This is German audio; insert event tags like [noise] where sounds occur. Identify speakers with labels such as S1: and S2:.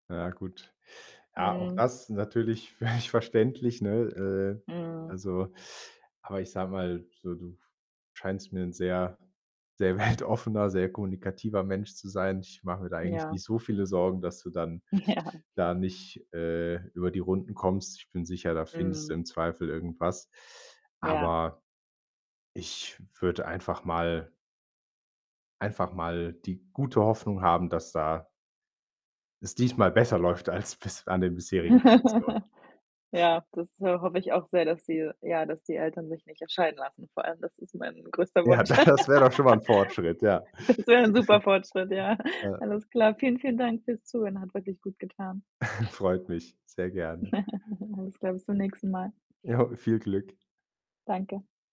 S1: Na ja, gut. Ja, auch
S2: Mhm.
S1: das natürlich völlig verständlich, ne? Äh,
S2: Mhm.
S1: also aber ich sage mal, so, du f scheinst mir 'n sehr, sehr weltoffener, sehr kommunikativer Mensch zu sein. Ich mache mir da eigentlich
S2: Ja.
S1: nicht so viele Sorgen, dass du dann
S2: Ja.
S1: da nicht, äh, über die Runden kommst. Ich bin sicher, da findest du
S2: Mhm.
S1: im Zweifel irgendwas.
S2: Ja.
S1: Aber ich würde einfach mal einfach mal die gute Hoffnung haben, dass da es diesmal besser läuft als bis an den bisherigen Stationen.
S2: [laughs] Ja, das, äh, hoffe ich auch sehr, dass sie ja, dass die Eltern sich nicht, scheiden lassen vor allem. Das ist mein größter
S1: Ja,
S2: Wunsch. [laughs]
S1: das wär doch schon mal 'n Fortschritt, ja.
S2: Das wär 'n super Fortschritt, ja.
S1: [giggles] Äh
S2: Alles klar. Vielen, vielen Dank fürs Zuhören, hat wirklich gutgetan.
S1: [chuckles] Freut mich sehr gerne.
S2: [giggles] Alles klar, bis zum nächsten Mal.
S1: Ja, viel Glück.
S2: Danke.